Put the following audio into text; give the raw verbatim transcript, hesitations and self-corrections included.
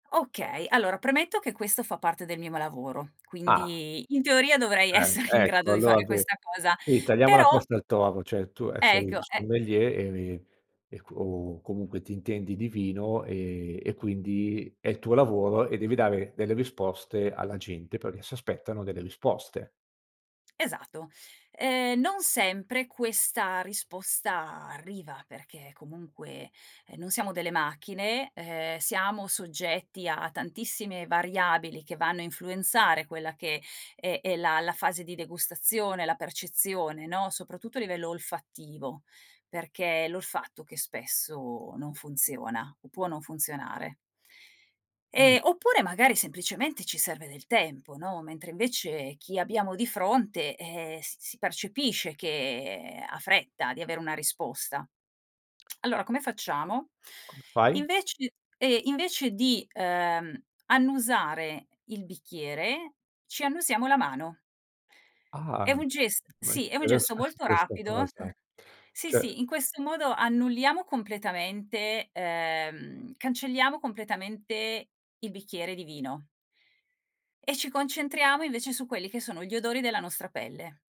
Okay, allora premetto che questo fa parte del mimo lavoro, Ah. quindi in teoria dovrei Ah, essere in grado ecco, di allora fare sì, questa cosa, sì tagliamo la però testa al toro, ceh, tu, ehm, sei un Ecco, è sommelier e e co o comunque ti intendi di vino e e quindi è il tuo lavoro e devi dare delle risposte alla gente, perché si aspettano delle risposte. esato. Ehm, non sempre questa risposta arriva, perché comunque, ehm, non siamo delle macchine, ehm, siamo soggetti a tantissime variabili che vanno a influenzare quella che è è la la fase di degustazione, la percezione, no, soprattutto a livello olfattivo, perché è l'olfatto che spesso non funziona o può non funzionare. Mh. Ehm, oppure magari semplicemente ci serve del tempo, no, mentre invece chi abbiamo di fronte, ehm, s si percepisce che ha fretta di avere una risposta. Allora come facciamo? Come fai? Invece e invece di, uhm, annusare il bicchiere ci annusiamo la mano. È Ah, un ges [unintelligible] sì, è un gesto molto interessante 'sta rapido cosa. sì, Cioè sì, in questo modo annulliamo completamente ehm, cancelliamo completamente il bicchiere di vino e ci concentriamo invece su quelli che sono gli odori della nostra pelle.